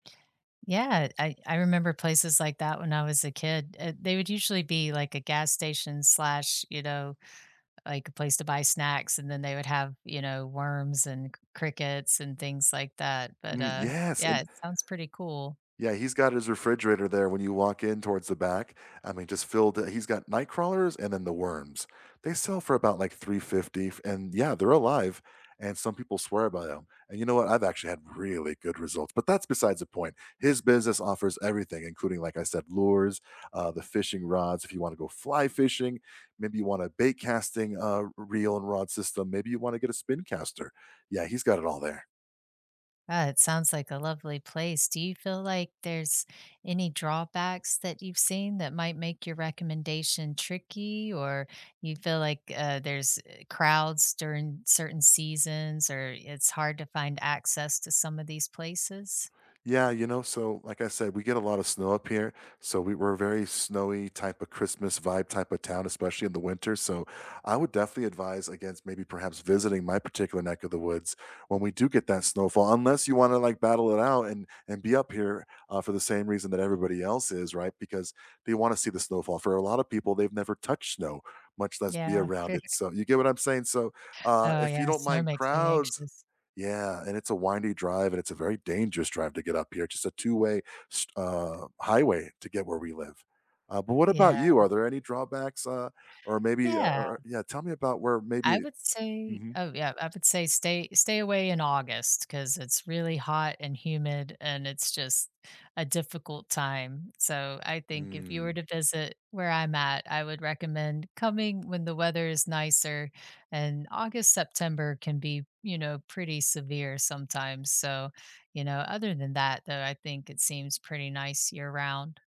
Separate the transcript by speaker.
Speaker 1: Yeah, I I remember places like that when I was a kid, uh, they would usually be like a gas station slash, you know, like a place to buy snacks, and then they would have, you know, worms and c crickets, and things like that, but,
Speaker 2: Mm,
Speaker 1: uh,
Speaker 2: yes,
Speaker 1: yeah,
Speaker 2: and
Speaker 1: it sounds pretty cool.
Speaker 2: Yeah, he's got his refrigerator there when you walk in towards the back, I mean, just filled, it he's got nightcrawlers and then the worms. They sell for about like, 350 f and yeah, they're alive, and some people swear by 'em, and you know what, I've actually had really good results, but that's besides the point. His business offers everything, including, like I said, lures, uh, the fishing rods, if you want to go fly fishing, maybe you want a bait casting, uh, reel and rod system, maybe you want to get a spin caster, yeah, he's got it all there.
Speaker 1: Uh, it sounds like a lovely place. Do you feel like there's any drawbacks that you've seen that might make your recommendation tricky, or you feel like uh, eh, there's crowds during certain seasons, or it's hard to find access to some of these places?
Speaker 2: Yeah, you know, so, like I said, we get a lot of snow up here, so we we're a very snowy type of Christmas vibe type of town, especially in the winter, so, I would definitely advise against maybe perhaps visiting my particular neck of the woods when we do get that snowfall, unless you want to like battle it out and and be up here, uh, for the same reason that everybody else is, right, because they want to see the snowfall. For a lot of people, they've never touched snow, much less be
Speaker 1: Yeah.
Speaker 2: around it, so you get what I'm saying, so, uh,
Speaker 1: Oh,
Speaker 2: if you
Speaker 1: yeah,
Speaker 2: don't
Speaker 1: that
Speaker 2: mind
Speaker 1: makes me
Speaker 2: crowds
Speaker 1: anxious.
Speaker 2: Yeah, and it's a windy drive, and it's a very dangerous drive to get up here, it's just a 2 way st uh, highway to get where we live. Uh, but what
Speaker 1: Yeah.
Speaker 2: about you? Are there any drawbacks, uh, or maybe, uh,
Speaker 1: Yeah.
Speaker 2: or yeah, tell me about where
Speaker 1: I
Speaker 2: maybe
Speaker 1: would say
Speaker 2: mhm.
Speaker 1: oh yeah, I would say, "Stay stay away in August 'cause it's really hot and humid and it's just a difficult time," so I think if you were
Speaker 2: Mm.
Speaker 1: to visit where I'm at I would recommend coming when the weather is nicer and August, September can be, you know, pretty severe sometimes, so, you know, other than that though, I think it seems pretty nice year-round.